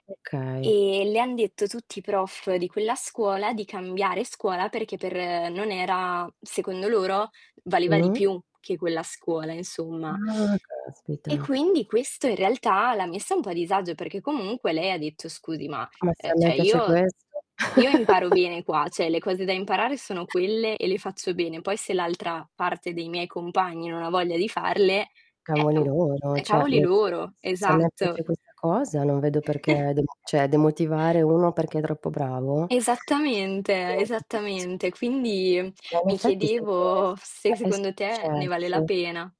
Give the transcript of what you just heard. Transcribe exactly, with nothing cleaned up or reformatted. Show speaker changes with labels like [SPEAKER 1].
[SPEAKER 1] Okay.
[SPEAKER 2] Ehm, le han detto tutti i prof di quella scuola di cambiare scuola perché per non era secondo loro valeva di
[SPEAKER 1] Mh.
[SPEAKER 2] più che quella scuola, insomma.
[SPEAKER 1] Ah, caspita.
[SPEAKER 2] E quindi questo, in realtà, l'ha messa un po' a disagio perché, comunque, lei ha detto: "Scusi, ma,
[SPEAKER 1] Ma
[SPEAKER 2] uhm,
[SPEAKER 1] se a me
[SPEAKER 2] ceh,
[SPEAKER 1] piace
[SPEAKER 2] io
[SPEAKER 1] questo.
[SPEAKER 2] io imparo bene qua, ceh, le cose da imparare sono quelle e le faccio bene, poi se l'altra parte dei miei compagni non ha voglia di farle, eh,
[SPEAKER 1] Cavoli
[SPEAKER 2] oh,
[SPEAKER 1] loro,
[SPEAKER 2] è
[SPEAKER 1] ceh,
[SPEAKER 2] cavoli
[SPEAKER 1] nel senso
[SPEAKER 2] loro."
[SPEAKER 1] se a me
[SPEAKER 2] Esatto.
[SPEAKER 1] piace questa cosa non vedo perché demo ceh, demotivare uno perché è troppo bravo.
[SPEAKER 2] Esattamente,
[SPEAKER 1] [unintelligible]
[SPEAKER 2] esattamente. Quindi, mhmm,
[SPEAKER 1] Ma, in
[SPEAKER 2] mi
[SPEAKER 1] effetti, sai che è
[SPEAKER 2] chiedevo se
[SPEAKER 1] succe è
[SPEAKER 2] secondo te ne vale la
[SPEAKER 1] successo.
[SPEAKER 2] pena.